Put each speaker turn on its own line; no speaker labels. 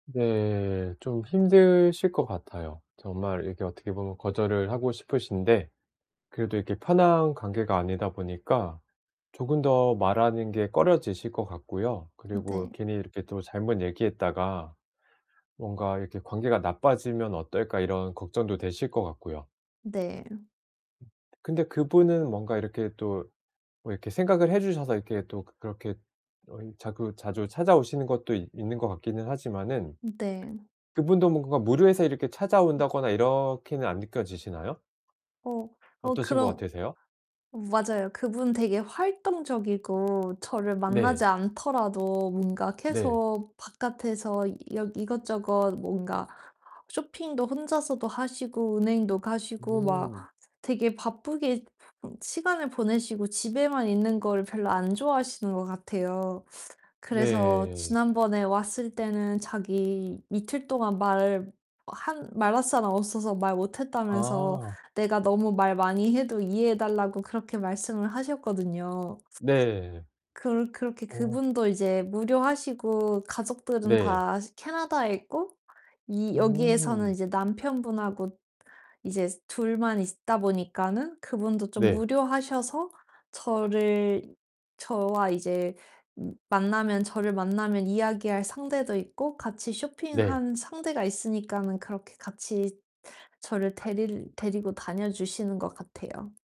네 좀 힘드실 것 같아요. 정말 이렇게 어떻게 보면 거절을 하고 싶으신데 그래도
음.
이렇게 편한 관계가 아니다 보니까 조금 더 말하는 게 꺼려지실 것 같고요. 그리고
네.
'괜히 이렇게 또 잘못 얘기했다가 뭔가 이렇게 관계가 나빠지면 어떨까?' 이런 걱정도 되실 것 같고요.
네.
근데 그분은 뭔가 이렇게 또 뭐 이렇게 생각을 해 주셔서 이렇게 또 그렇게 어 이 자꾸 자주 찾아 오시는 것도 있 있는 것 같기는 하지만은
네.
그분도 뭔가 무료해서 이렇게 찾아
음.
온다거나 이렇게는 안 느껴지시나요?
어 어
어떠신 것
그런
같으세요?
맞아요. 그분 되게 활동적이고 저를
네.
만나지 않더라도 뭔가
네.
계속 바깥에서 여 이것저것 뭔가 쇼핑도 혼자서도 하시고 은행도 가시고 막
음.
되게 바쁘게 시간을 보내시고 집에만 있는 걸 별로 안 좋아하시는 것 같아요. 그래서
네.
지난번에 왔을 때는 자기 "이틀 동안 말 한 말할 사람 없어서 말 못 했다."면서
아.
"내가 너무 말 많이 해도 이해해 달라."고 그렇게 말씀을 하셨거든요.
네.
그렇 그렇게
어.
그분도 이제 무료하시고 가족들은
네.
다 캐나다에 있고 이 여기에서는
음.
이제 남편분하고 이제 둘만 있다 보니까는 그분도 좀
네.
무료하셔서 저를 저와 이제 만나면 저를 음 만나면 이야기할 상대도 있고 같이
네.
쇼핑하는 상대가 있으니까는 그렇게 같이 저를 데릴 데리고 다녀 주시는 것 같아요.